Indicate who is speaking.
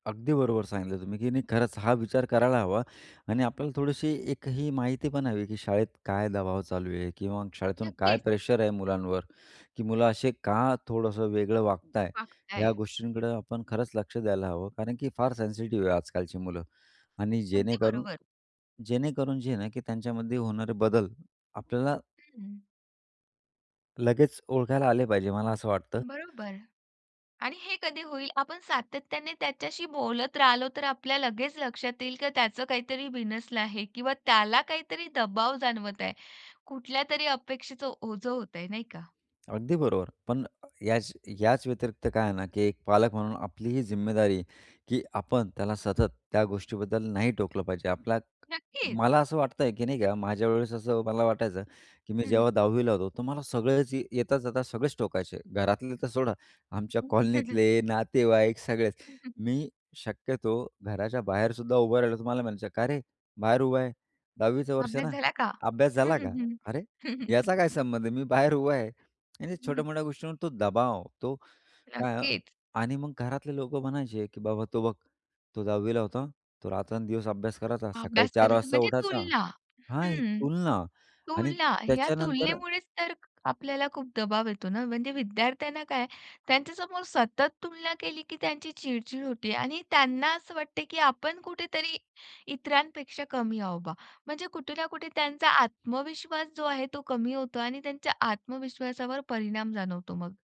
Speaker 1: अगदी बरोबर सांगितलं तुम्ही, की नाही खरंच हा विचार करायला हवा आणि आपल्याला थोडीशी एक ही माहिती पण हवी की शाळेत काय दबाव चालू आहे? किंवा शाळेतून काय
Speaker 2: नक्कीच.
Speaker 1: प्रेशर आहे मुलांवर, की मुलं असे का थोडंसं वेगळं वागत आहे.
Speaker 2: वागता
Speaker 1: या
Speaker 2: आहे.
Speaker 1: गोष्टींकडं आपण खरंच लक्ष द्यायला हवं. कारण की फार सेन्सिटिव्ह आहे आजकालची मुलं आणि
Speaker 2: अगदी
Speaker 1: जेणेकरून
Speaker 2: बरोबर.
Speaker 1: जेणेकरून जे आहे ना, की त्यांच्यामध्ये होणारे बदल आपल्याला
Speaker 2: हं, हं.
Speaker 1: लगेच ओळखायला आले पाहिजे मला असं वाटतं.
Speaker 2: बरोबर. आणि हे कधी होईल आपण सातत्याने त्याच्याशी बोलत राहिलो तर आपल्याला लगेच लक्षात येईल, की त्याच काहीतरी बिनसल आहे किंवा त्याला काहीतरी दबाव जाणवत आहे. कुठल्यातरी अपेक्षेच ओझं होतय नाही का.
Speaker 1: अगदी बरोबर. पण अ, याच याच व्यतिरिक्त काय आहे ना, की एक पालक म्हणून आपली ही जिम्मेदारी की आपण त्याला सतत त्या गोष्टीबद्दल नाही टोकलं पाहिजे. आपला
Speaker 2: नक्कीच.
Speaker 1: मला असं वाटतंय, की नाही का माझ्यावेळेस असं मला वाटायचं, की मी
Speaker 2: हं,
Speaker 1: जेव्हा
Speaker 2: हं.
Speaker 1: 10वी ला होतो. तर मला सगळेच ये येता जाता सगळेच टोकायचे. घरातले तर सोडा आमच्या
Speaker 2: हं, हं, हं, हं.
Speaker 1: कॉलनीतले, नातेवाईक सगळेच.
Speaker 2: हं, हं.
Speaker 1: मी शक्यतो घराच्या बाहेरसुद्धा उभं राहिलं तुम्हाला म्हणायचं, "का रे? बाहेर उभा आहे, 10वी चं वर्ष
Speaker 2: अभ्यास
Speaker 1: ना,
Speaker 2: झाला का?
Speaker 1: अभ्यास
Speaker 2: हं,
Speaker 1: झाला
Speaker 2: हं,
Speaker 1: का?" अरे!
Speaker 2: हं.
Speaker 1: याचा काय संबंध आहे, मी बाहेर उभा आहे. आणि
Speaker 2: हं, हं.
Speaker 1: छोट्या-मोठ्या गोष्टींवर तो दबाव तो काय
Speaker 2: नक्कीच.
Speaker 1: आणि मग घरातले लोकं म्हणायचे, की "बाबा, तो बघ तो 10वी ला होता, तो रात्रंदिवस अभ्यास करायचा सकाळी
Speaker 2: अभ्यास
Speaker 1: 4:00
Speaker 2: करायचा
Speaker 1: वाजता
Speaker 2: म्हणजे
Speaker 1: उठायचा"
Speaker 2: तुलना.
Speaker 1: हां, ही
Speaker 2: हं,
Speaker 1: तुलना आणि
Speaker 2: तुलना या
Speaker 1: त्याच्यानंतर
Speaker 2: तुलनेमुळेच तर आपल्याला खूप दबाव येतो ना, म्हणजे विद्यार्थ्यांना काय त्यांच्या समोर सतत तुलना केली, की त्यांची चिड-चिड होते आणि त्यांना असं वाटते की आपण कुठेतरी इतरांपेक्षा कमी आहो बा. म्हणजे कुठेना कुठे त्यांचा आत्मविश्वास जो आहे तो कमी होतो आणि त्यांच्या आत्मविश्वासावर परिणाम जाणवतो मग.